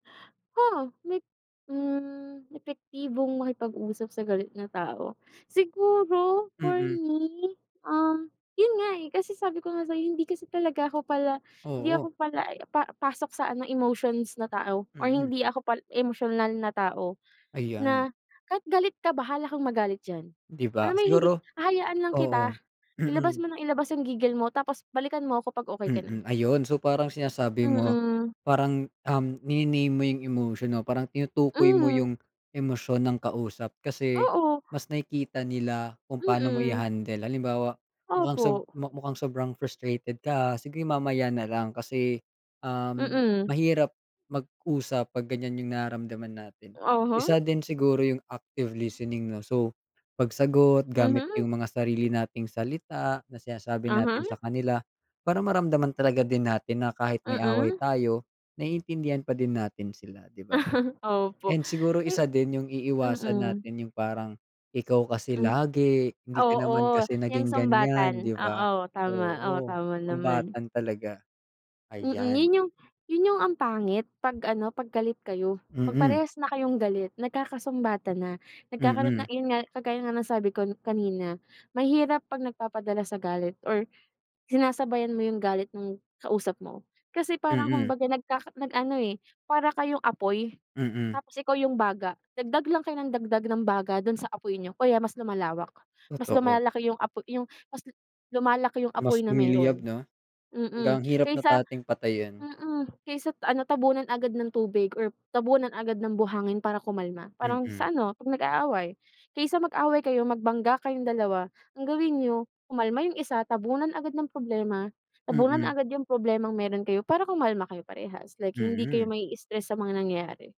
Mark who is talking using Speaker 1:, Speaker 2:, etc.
Speaker 1: Oo. May, hmm, epektibong makipag-usap sa galit na tao. Siguro for
Speaker 2: Mm.
Speaker 1: me, um, yun nga, eh, kasi sabi ko nga sa'yo hindi kasi talaga ako pala hindi
Speaker 2: Oo.
Speaker 1: ako pala pa pasok sa ano, emotions na tao or
Speaker 2: Mm.
Speaker 1: hindi ako pa emosyonal na tao.
Speaker 2: Ayan.
Speaker 1: Na kahit galit ka, bahala kang magalit diyan.
Speaker 2: 'Di
Speaker 1: Alam
Speaker 2: ba?
Speaker 1: mo yung hindi
Speaker 2: Siguro
Speaker 1: hahayaan lang
Speaker 2: oo.
Speaker 1: kita. Ilabas
Speaker 2: Mm.
Speaker 1: mo nang ilabas yung gigil mo tapos balikan mo ko 'pag okey ka na.
Speaker 2: Mm, ayun. So, parang sinasabi mo,
Speaker 1: Mm.
Speaker 2: parang, um, nini-name mo yung emosyon o parang tinutukoy mo
Speaker 1: Mm.
Speaker 2: yung emosyon ng kausap kasi
Speaker 1: Oo.
Speaker 2: mas nakikita nila kung paano mo
Speaker 1: Mm.
Speaker 2: i-handle. Halimbawa, "Mukhang sob
Speaker 1: Opo.
Speaker 2: mukhang sobrang frustrated ka sige, mamaya na lang kasi, um,
Speaker 1: Mm.
Speaker 2: mahirap mag-usap 'pag ganyan yung nararamdaman natin."
Speaker 1: Uh-huh.
Speaker 2: Isa din siguro yung active listening 'no. So, pagsagot gamit yung
Speaker 1: Mhm.
Speaker 2: mga sarili nating salita na sinasabi natin
Speaker 1: Mhm.
Speaker 2: sa kanila para maramdaman talaga din natin na kahit may away
Speaker 1: Mm.
Speaker 2: tayo, naiintindihan pa din natin sila, 'di ba.
Speaker 1: Opo.
Speaker 2: And siguro isa
Speaker 1: Hmm.
Speaker 2: din yung iiwasan
Speaker 1: Mm.
Speaker 2: natin yung parang, "Ikaw kasi
Speaker 1: Hmm.
Speaker 2: lagi, hindi ka naman
Speaker 1: Oo,
Speaker 2: kasi
Speaker 1: 'yang
Speaker 2: naging ganyan,"
Speaker 1: sumbatan.
Speaker 2: 'di ba.
Speaker 1: Oo, tama. O
Speaker 2: Oo,
Speaker 1: tama naman.
Speaker 2: sumbatan talaga.
Speaker 1: Mm,
Speaker 2: Ayan.
Speaker 1: yun yung yun yung ang pangit 'pag ano, 'pag galit kayo. 'Pag
Speaker 2: Mm.
Speaker 1: parehas na kayong galit, nagkakasumbatan na. Nagkakaroon na
Speaker 2: Mm.
Speaker 1: yun nga kagaya nga ng sabi ko kanina, mahirap 'pag nagpapadala sa galit or sinasabayan mo yung galit nung kausap mo. Kasi parang
Speaker 2: Mm.
Speaker 1: kumbaga, nagkaka nag ano, eh, para kayong apoy
Speaker 2: Mm.
Speaker 1: tapos ikaw yung baga. Dagdag lang kayo nang dagdag ng baga dun sa apoy niyo kaya mas lumalawak. Mas
Speaker 2: Totoo.
Speaker 1: lumalaki yung apo yung mas lumalaki yung apoy
Speaker 2: Mas
Speaker 1: na
Speaker 2: lumiliyab
Speaker 1: meron.
Speaker 2: 'no. Hanggang
Speaker 1: Mm,
Speaker 2: hirap na
Speaker 1: kaysa
Speaker 2: nating patayin.
Speaker 1: mm. Kaysa ano, tabunan agad ng tubig or tabunan agad ng buhangin para kumalma. Parang
Speaker 2: Mm.
Speaker 1: sa ano, 'pag nag-aaway. Kaysa mag-away kayo, magbangga kayong dalawa, ang gawin niyo kumalma yung isa, tabunan agad ng problema, tabunan
Speaker 2: Mm.
Speaker 1: agad yung problemang meron kayo para kumalma kayo parehas. Like, hindi kayo
Speaker 2: Mm.
Speaker 1: mai-stress sa mga nangyari.